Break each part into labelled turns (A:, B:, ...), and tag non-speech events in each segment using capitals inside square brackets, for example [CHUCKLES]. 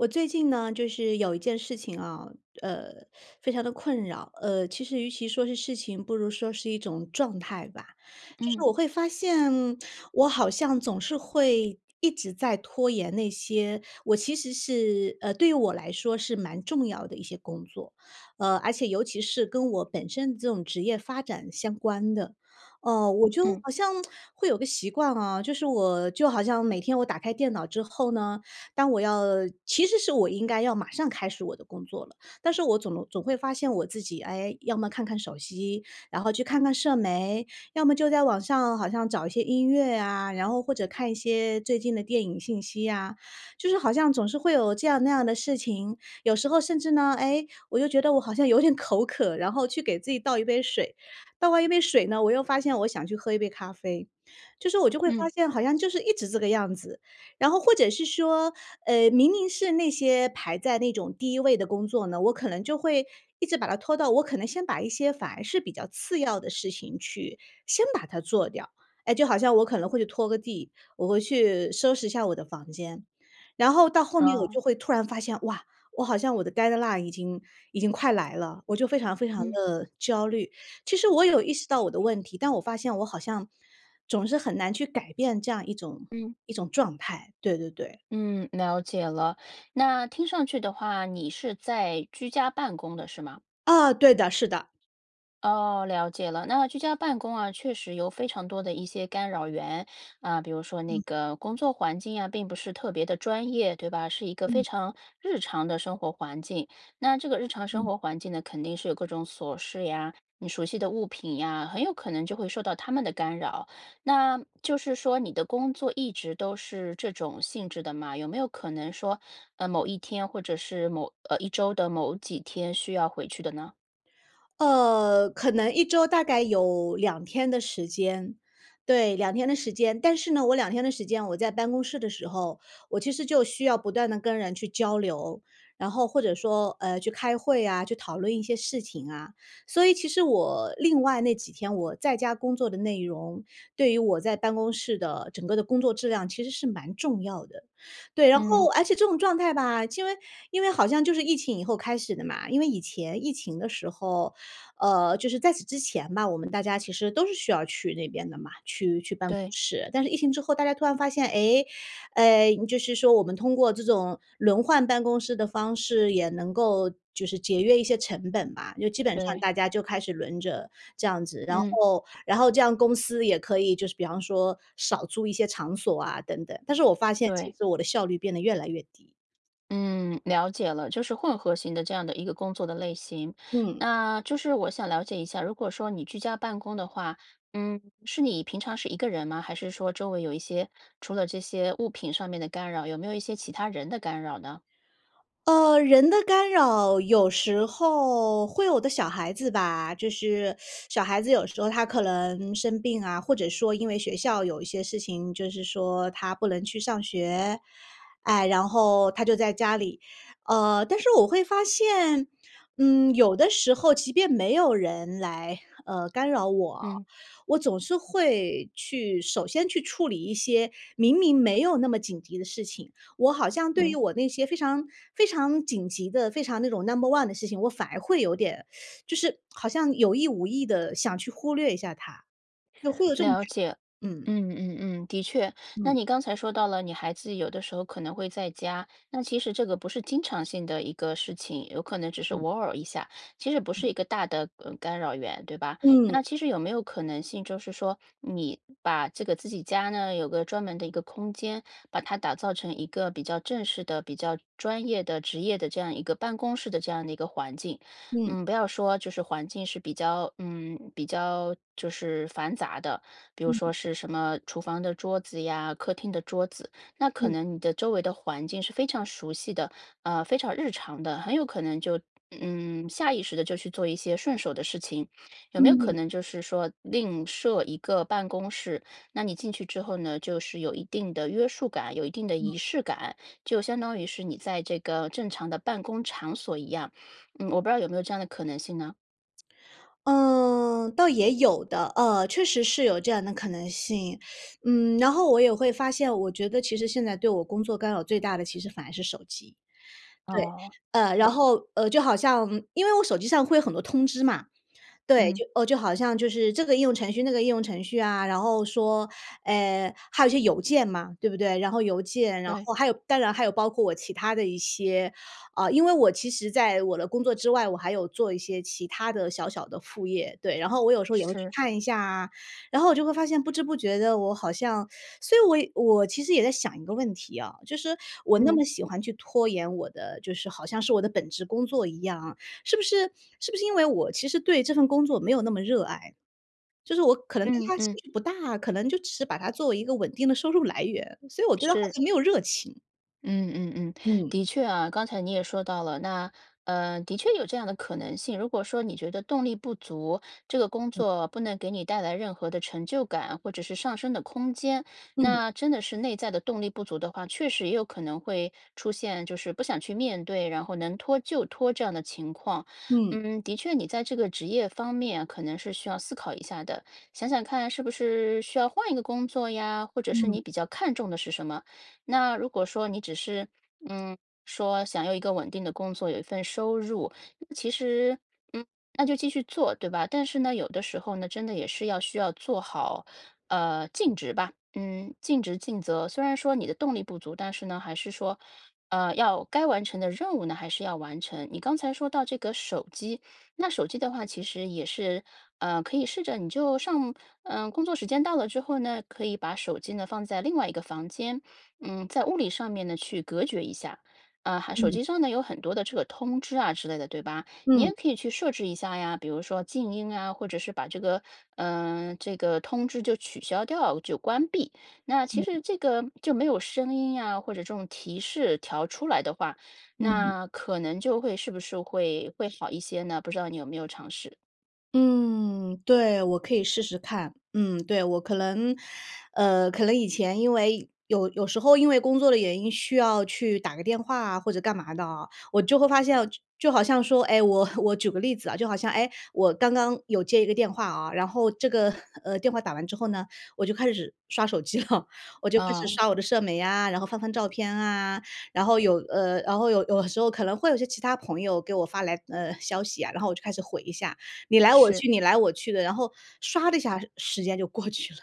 A: 我最近呢，就是有一件事情啊，呃，非常地困扰，呃，其实与其说是事情，不如说是一种状态吧。就是
B: 嗯。
A: 我会发现，我好像总是会一直在拖延那些我其实是呃，对于我来说是蛮重要的一些工作。呃，而且尤其是，跟我本身这种职业发展相关的，哦，我就
B: 嗯。
A: 好像 [SMACKS LIPS] 会有个习惯啊，就是我就好像每天我打开电脑之后呢，当我要其实是我应该要马上开始我的工作了，但是我总能总会发现我自己，哎，要么看看手机，然后去看看社媒，要么就在网上，好像找一些音乐呀，然后或者看一些最近的电影信息呀，就是好像总是会有这样那样的事情。有时候甚至呢，哎，我就觉得我好像有点口渴，然后去给自己倒一杯水，倒完一杯水呢，我又发现我想去喝一杯咖啡。就是我就会发
B: 嗯。
A: 现，好像就是一直这个样子。然后或者是说，呃，明明是那些排在那种第1位的工作呢，我可能就会一直把它拖到我可能先把一些反而是比较次要的事情去，先把它做掉。哎，就好像我可能会去拖个地，我会去收拾一下我的房间。然后到后面我
B: 哦。
A: 就会突然发现，哇，我好像我的 deadline 已经已经快来了，我就非常非常
B: 嗯。
A: 地焦虑。其实我有意识到我的问题，但我发现我好像，总是很难去改变这样一种
B: 嗯。
A: 一种状态，对对对。
B: 嗯，了解了，那听上去的话，你是在居家办公的，是吗？
A: 哦，对的，是的。
B: 哦，了解了。那居家办公啊，确实有非常多的一些干扰源。啊，比如说那
A: 嗯。
B: 个工作环境呀，并不是特别的专业，对吧？是一个非
A: 嗯。
B: 常日常的生活环境。那这个日常生
A: 嗯。
B: 活环境呢，肯定是有各种琐事呀，你熟悉的物品呀，很有可能就会受到它们的干扰。那，就是说你的工作一直都是这种性质的吗？有没有可能说，呃，某一天或者是某呃，一周的某几天需要回去的呢？
A: 呃，可能1周大概有2天的时间对，2天的时间。但是呢，我2天的时间，我在办公室的时候，我其实就需要不断地跟人去交流，然后或者说，呃，去开会啊，去讨论一些事情啊。所以其实我，另外那几天，我在家工作的内容，对于我在办公室的整个的工作质量其实是蛮重要的。对，然后
B: 嗯。
A: 而且这种状态吧，因为因为好像就是疫情以后开始的嘛。因为以前疫情的时候呃，就是在此之前吧，我们大家其实都是需要去那边的嘛，去去办公
B: 对。
A: 室。但是疫情之后大家突然发现：“诶，呃，就是说我们通过这种轮换办公室的方式，也能够就是节约一些成本吧。”就基本上
B: 对。
A: 大家就开始轮着，这样子。然
B: 嗯。
A: 后然后这样公司也可以就是比方说少租一些场所啊等等，但是我发现其
B: 对。
A: 实我的效率变得越来越低。
B: 嗯，了解了，就是混合型的这样的一个工作的类型。
A: 嗯。
B: 那，就是我想了解一下，如果说你居家办公的话，嗯，是你平常是一个人吗？还是说周围有一些除了这些物品上面的干扰，有没有一些其他人的干扰呢？
A: 呃，人的干扰，有时候会有的。小孩子吧，就是，[SUCKS TEETH] 小孩子有时候他可能生病啊，或者说因为学校有一些事情，就是说他不能去上学，哎，然后他就在家里。呃，但是我会发现，嗯，有的时候即便没有人来，呃，干扰我，
B: 嗯。
A: 我总是会去首先去处理一些，明明没有那么紧急的事情，我好像对于
B: 嗯。
A: 我那些非常非常紧急的，非常那种 number one 的事情，我反而会有点，[SUCKS TEETH] 就是，好像有意无意地想去忽略一下它，就会有这种感
B: 了解。
A: 觉，嗯。
B: 嗯嗯嗯，的确。那
A: 嗯。
B: 你刚才说到了，你孩子有的时候可能会在家，那其实这个不是经常性的一个事情，有可能只是
A: 嗯。
B: 偶尔一下，其实不是
A: 嗯。
B: 一个大的，呃，干扰源，对吧？
A: 嗯。
B: 那其实有没有可能性，就是说，你把这个自己家呢，有个专门的一个空间，把它打造成一个比较正式的、比较专业的、职业的这样一个办公室的，这样的一个环境？
A: 嗯。
B: 嗯，不要说就是环境是比较嗯，比较就是繁杂的，比如
A: 嗯。
B: 说是什么厨房的桌子呀，客厅的桌子，那可
A: 嗯。
B: 能你的周围的环境是非常熟悉的，呃，非常日常的，很有可能就，嗯，下意识地就去做一些顺手的事情。有没有可
A: 嗯。
B: 能就是说，另设一个办公室？那你进去之后呢，就是有一定的约束感、有一定的
A: 嗯。
B: 仪式感，就相当于是你在这个正常的办公场所一样。嗯，我不知道有没有这样的可能性呢？
A: 嗯，倒也有的，呃，确实是有这样的可能性。[SUCKS TEETH] 嗯，然后我也会发现，我觉得其实现在对我工作干扰最大的其实反而是手机。对，
B: 哦。
A: 呃，然
B: 对。
A: 后，呃，就好像因为我手机上会有很多通知嘛。对，
B: 嗯。
A: 就呃，就好像就是这个应用程序、那个应用程序啊，然后说，呃，还有一些邮件嘛，对不对。然后邮件，然
B: 对。
A: 后还有当然还有包括我其他的一些呃，因为我其实在我的工作之外，我还有做一些其他的小小的副业，对。然后我有时候也会去
B: 是。
A: 看一下啊。然后我就会发现不知不觉地我好像所以我我其实也在想一个问题啊，就是我那
B: 嗯。
A: 么喜欢去拖延我的，就是好像是我的本职工作一样啊，是不是是不是因为我其实对这份工作没有那么热爱，就是我可能对
B: 嗯
A: 它兴
B: 嗯。
A: 趣不大，可能就只是把它作为一个稳定的收入来源，所以我对它好
B: 是。
A: 像没有热情。
B: 嗯嗯嗯。
A: 嗯。
B: 的确啊，刚才你也说到了，那，呃，的确有这样的可能性，如果说你觉得动力不足，这个工
A: 嗯。
B: 作不能给你带来任何的成就感，或者是上升的空间，
A: 嗯。
B: 那真的是内在的动力不足的话，确实也有可能会出现，就是不想去面对，然后能拖就拖这样的情况。
A: 嗯。
B: 嗯，的确你在这个职业方面可能是需要思考一下的。想想看是不是需要换一个工作呀，或者是
A: 嗯。
B: 你比较看重的是什么。那如果说你只是，嗯，说想要有一个稳定的工作、有一份收入，其实，嗯，那就继续做，对吧？但是呢，有的时候呢，真的也是要需要做好，呃，尽职吧。嗯，尽职尽责，虽然说你的动力不足，但是呢还是说，呃，要该完成的任务呢，还是要完成。你刚才说到这个手机，那手机的话其实也是，呃，可以试着你就上呃，工作时间到了之后呢，可以把手机呢，放在另外一个房间。嗯，在物理上面呢，去隔绝一下。呃，还手
A: 嗯。
B: 机上呢有很多的这个通知啊之类的对吧？你
A: 嗯。
B: 也可以去设置一下呀，比如说静音啊，或者是把这个，呃，这个通知就取消掉，就关闭。那其
A: 嗯。
B: 实这个就没有声音呀，或者这种提示条出来的话，
A: 嗯。
B: 那可能就会是不是会会好一些呢？不知道你有没有尝试。
A: 嗯，对，我可以试试看。嗯，对，我可能呃，可能以前因为有有时候因为工作的原因需要去打个电话啊或者干嘛的，我就会发现，就就好像说唉，我我举个例子啊，就好像哎，我刚刚有接一个电话啊。然后这个，呃，电话打完之后呢，我就开始刷手机了，我就开始
B: 呃。
A: 刷我的社媒啊，然后翻翻照片啊。然后有呃，然后有有时候可能会有一些其他朋友给我发来，呃，消息啊，然后我就开始回一下，你来我
B: 是。
A: 去你来我去的。然后刷的一下时间就过去了。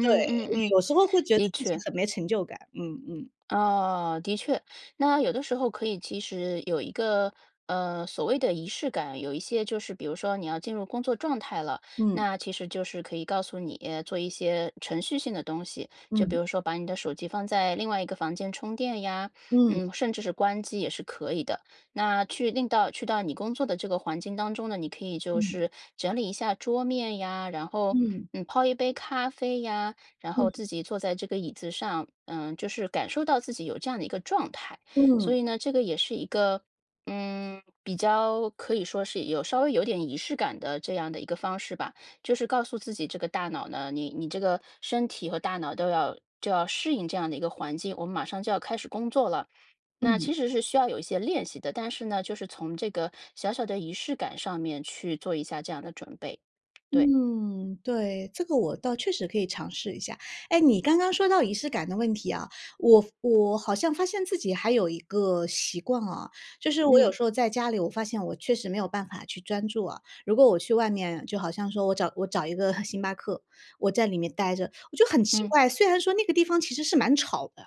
A: 对，
B: 嗯嗯，
A: 有时候会觉得
B: 的
A: 自己
B: 确。
A: 很没成就感，嗯嗯。
B: 哦，的确，那有的时候可以其实有一个，呃，所谓的仪式感。有一些就是比如说你要进入工作状态了，
A: 嗯。
B: 那其实就是可以告诉你，呃，做一些程序性的东西。就比
A: 嗯。
B: 如说把你的手机放在另外一个房间充电呀，
A: 嗯。
B: 呃，甚至是关机也是可以的。那去令到去到你工作的这个环境当中呢，你可以就
A: 嗯。
B: 是整理一下桌面呀，然后，
A: 嗯。
B: 呃，泡一杯咖啡呀，然后
A: 嗯。
B: 自己坐在这个椅子上。呃，就是感受到自己有这样的一个状态。
A: 嗯。
B: 所以呢，这个也是一个呃，比较可以说是有稍微有点仪式感的这样的一个方式吧。就是告诉自己这个大脑呢你你这个身体和大脑都要就要适应这样的一个环境，我们马上就要开始工作了，那
A: 嗯。
B: 其实是需要有一些练习的。但是呢，就是从这个小小的仪式感上面去做一下这样的准备。对。
A: 嗯，对，这个我倒确实可以尝试一下。哎，你刚刚说到仪式感的问题啊。我我好像发现自己还有一个习惯啊，就是我有
B: 嗯。
A: 时候在家里，我发现我确实没有办法去专注啊。如果我去外面就好像说我找我找一个 [CHUCKLES] 星巴克，我在里面呆着我就很奇
B: 嗯。
A: 怪。虽然说那个地方其实是蛮吵的，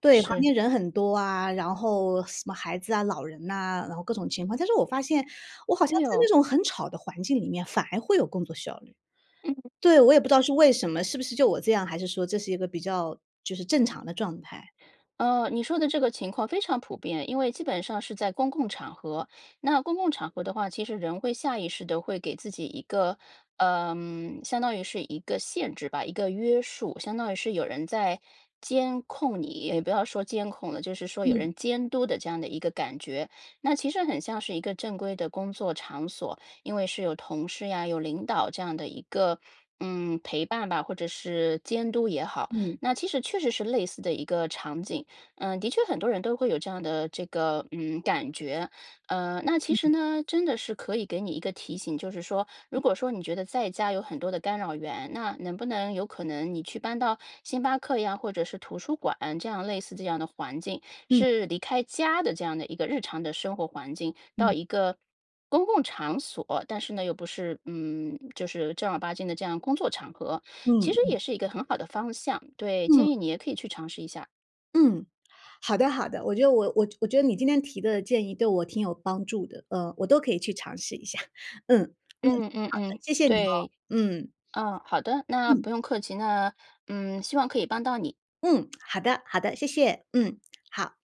A: 对，旁
B: 是。
A: 边人很多啊，然后什么孩子啊，老人啊，然后各种情况，但是我发现我好像
B: 哎
A: 在
B: 呦。
A: 那种很吵的环境里面，反而会有工作效率。
B: 嗯。
A: 对，我也不知道是为什么，是不是就我这样，还是说这是一个比较就是正常的状态。
B: 呃，你说的这个情况非常普遍。因为基本上是在公共场合。那公共场合的话，其实人会下意识的会给自己一个，呃，相当于是一个限制吧，一个约束。相当于是有人在监控你也不要说监控了，就是说有
A: 嗯。
B: 人监督的，这样的一个感觉。那其实很像是一个正规的工作场所，因为是有同事呀，有领导这样的一个，嗯，陪伴吧，或者是监督也好，
A: 嗯。
B: 那其实确实是类似的一个场景。呃，的确很多人都会有这样的这个，嗯，感觉。呃，那其
A: 嗯。
B: 实呢，真的是可以给你一个提醒，就是说如
A: 嗯。
B: 果说你觉得在家有很多的干扰源，那能不能有可能你去搬到星巴克呀？或者是图书馆这样类似这样的环境？
A: 嗯。
B: 是离开家的这样的一个日常的生活环境到
A: 嗯。
B: 一个公共场所，但是呢，又不是嗯，就是正儿八经的这样工作场合，
A: 嗯
B: 其实
A: 嗯。
B: 也是一个很好的方向。对，
A: 嗯。
B: 建议你也可以去尝试一下。
A: 嗯，好的好的，我觉得我我觉得你今天提的建议对我挺有帮助的。呃，我都可以去尝试一下，[CHUCKLES] 嗯，嗯，
B: 嗯嗯
A: 好的，
B: 嗯，
A: 谢谢你哦，
B: 对。
A: 嗯。
B: 嗯，好的，那
A: 嗯。
B: 不用客气，那，嗯，希望可以帮到你。
A: 嗯，好的，好的，谢谢，嗯，好。